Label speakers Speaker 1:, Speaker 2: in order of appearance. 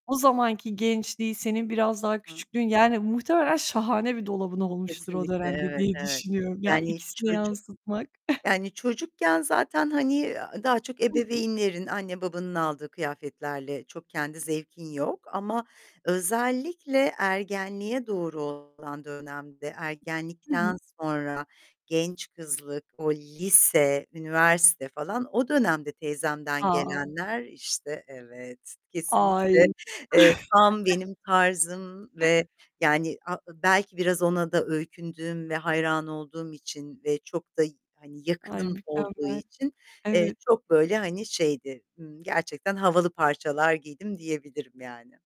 Speaker 1: O zamanki gençliği, senin biraz daha
Speaker 2: Hı
Speaker 1: küçüklüğün, yani muhtemelen şahane bir dolabın olmuştur o
Speaker 2: Kesinlikle,
Speaker 1: dönemde
Speaker 2: evet,
Speaker 1: diye
Speaker 2: evet.
Speaker 1: düşünüyorum. Ya,
Speaker 2: Yani
Speaker 1: ikisini
Speaker 2: çocuk
Speaker 1: yansıtmak.
Speaker 2: yani çocukken zaten, hani, eee, daha çok
Speaker 1: Hı hı.
Speaker 2: ebeveynlerin anne babanın aldığı kıyafetlerle, çok kendi zevkin yok ama özellikle ergenliğe doğru olan dönemde
Speaker 1: Hı
Speaker 2: ergenlikten
Speaker 1: hı.
Speaker 2: sonra genç kızlık, o lise, üniversite falan o dönemde teyzemden
Speaker 1: A.
Speaker 2: gelenler, işte Evet, kesinlikle,
Speaker 1: Ay.
Speaker 2: eee, tam benim tarzım ve yani, a belki biraz ona da öykündüğüm ve hayran olduğum için ve çok da y
Speaker 1: Ay,
Speaker 2: yakınım olduğu
Speaker 1: mükemmel.
Speaker 2: için, eee,
Speaker 1: Evet.
Speaker 2: çok böyle hani şeydi, ımm, gerçekten havalı parçalar giydim diyebilirim yani.